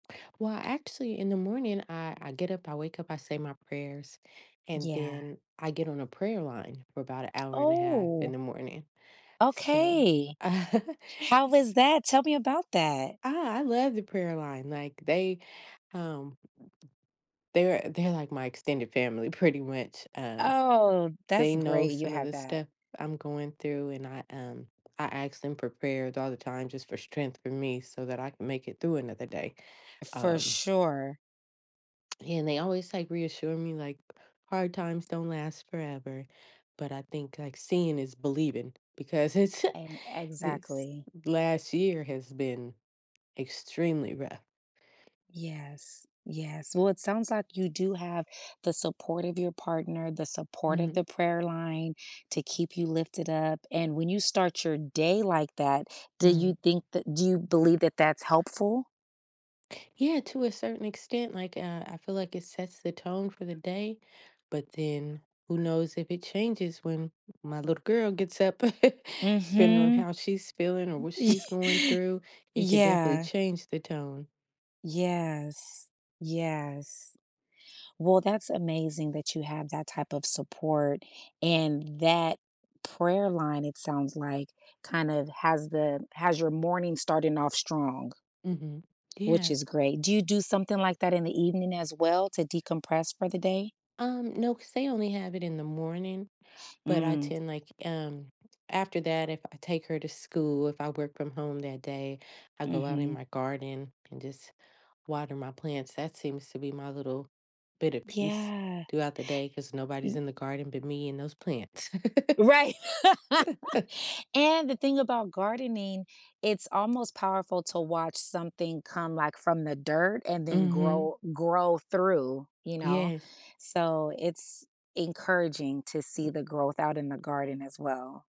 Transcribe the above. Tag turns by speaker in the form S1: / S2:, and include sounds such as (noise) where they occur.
S1: Well, actually, in the morning, I I get up, I wake up, I say my prayers, and
S2: Yeah.
S1: then, I get on a prayer line for about a hour and a half in
S2: Oh.
S1: the morning, so,
S2: Okay.
S1: (chuckles)
S2: How was
S1: s
S2: that, tell me about that.
S1: I I love the prayer line, like, they, um they're they're, like, my extended family, pretty much, um
S2: Oh,
S1: They
S2: that's
S1: know
S2: great you
S1: some of
S2: have
S1: the
S2: that.
S1: stuff I'm going through, and I um, I asked them for prayers all the time, just for strength, for me, so that I can make it through another day,
S2: For
S1: um
S2: sure.
S1: and they always, like, reassure me, like, "Hard times don't last forever," but I think, like, seeing is believing, because it's (chuckles)
S2: And
S1: this
S2: exactly.
S1: last year has been extremely rough.
S2: Yes, yes, well, sounds like you do have the support of your partner, the support of
S1: Mhm.
S2: the prayer line to keep you lifted up, and when you start your day like that, do
S1: Mm.
S2: you think that do you believe that that's helpful?
S1: Yeah, to a certain extent, like, uh, I feel like it sets the tone for the day, but then, who knows if it changes when my little girl gets up, (chuckles) depending on
S2: Mhm.
S1: how she's feeling, or what
S2: (chuckles) Y
S1: she's going through,
S2: y
S1: it could definitely
S2: Yeah.
S1: change the tone.
S2: Yes. Yes. Well, that's amazing that you have that type of support, and that prayer line, it sounds like, kind of, has the has your morning starting off strong
S1: Mhm,
S2: which
S1: yeah.
S2: is great. Do you do something like that in the evening, as well, to decompress for the day?
S1: Um, no, 'cause they only have it in the morning. But I
S2: Mm.
S1: tend like um, after that, if I take her to school, if I work from home that day, I go out in
S2: Mhm.
S1: my garden, and just water my plants, that seems to be my little bit of peace
S2: Yeah.
S1: throughout the day, 'cause nobody's
S2: Mm
S1: in the garden but me and those plants. (laughs)
S2: Right
S1: (chuckles)
S2: (laughs) And, the thing about gardening, it's almost powerful to watch something come, like, from the dirt, and then
S1: Mhm.
S2: grow grow through, you know?
S1: Yes.
S2: So, it's encouraging to see the growth out in the garden as well.